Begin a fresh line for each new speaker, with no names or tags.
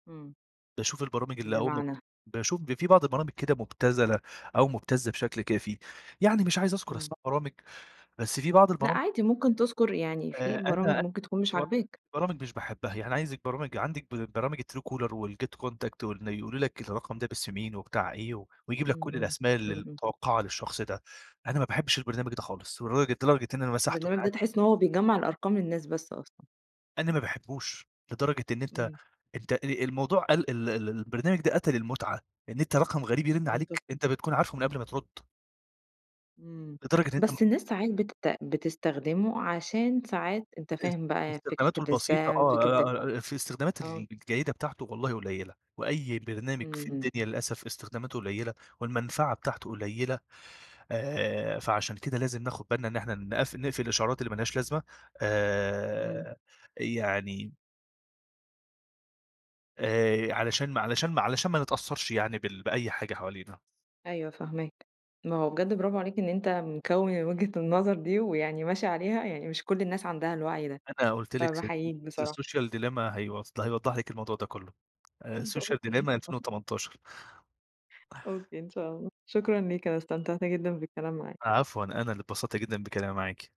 امم.
باشوف البرامج اللي أول ما ب
بمعنى؟
باشوف ب في بعض البرامج كده مبتذلة أو مبتزة بشكل كافي، يعني مش عايز أذكر
امم.
أسماء برامج، بس في بعض
لأ،
البرامج
عادي ممكن تذكر، يعني
آآ،
في برامج
أنا
ممكن تكون مش
[unintelligible]
عاجباك.
برامج مش باحبها يعني عايزك برامج عندك ب برامج الTruecaller والGet Contact، وإن يقولوا لك الرقم ده باسم مين وبتاع إيه، و ويجيب لك
امم،
كل
امم،
الأسماء ال
امم، امم.
المتوقعة للشخص ده، أنا ما باحبش البرنامج ده خالص لدرجة لدرجة إن أنا مسحته من
البرنامج ده
عندي
تحس إن هو بيجمّع الأرقام للناس بس أصلًا.
أنا ما باحبوش لدرجة إن أنت
امم.
أنت ال الموضوع ال ال ال البرنامج ده قتل المتعة، إن أنت رقم غريب يرِّن
منطقي.
عليك أنت بتكون عارفُه من قبل ما ترد.
امم،
لدرجة إن أنت
بس الناس ساعات بت بتستخدمه عشان ساعات أنت
اس
فاهم بقى
استخداماته
فكرة
البسيطة
الSpam فكرة ال
آه [unintelligible] في استخدامات
آه.
ال الجيدة بتاعته والله قليلة، وأي برنامج
امم،
في
امم.
الدنيا للأسف استخداماته قليلة، والمنفعة بتاعته قليلة آآ، فعشان كده لازم ناخد بالنا إن إحنا نقف نِقفِل الإشعارات اللي مالهاش لازمة
امم.
آآ، يعني آآ علشان ما علشان ما علشان ما نتأثرش يعني بال بأي حاجة حوالينا.
أيوه فاهماك، ما هو بجد برافو عليك إن أنت مكوِّن الوجهة النظر دي، ويعني ماشي عليها، يعني مش كل الناس عندها الوعي ده.
أنا قلت لِك س
فباحييك
The
بصراحة.
Social Dilemma هيوف هيوضح لِك الموضوع ده كله. آآ، 2018 Social ألفين
[unintelligible]
وتمنتاشر
أوكي، إن شاء الله، شكرًا ليك، أنا استمتعت جدًا بالكلام معاك.
ع عفوًا، أنا اللي انبسطت جدًا بكلامي معاكِ.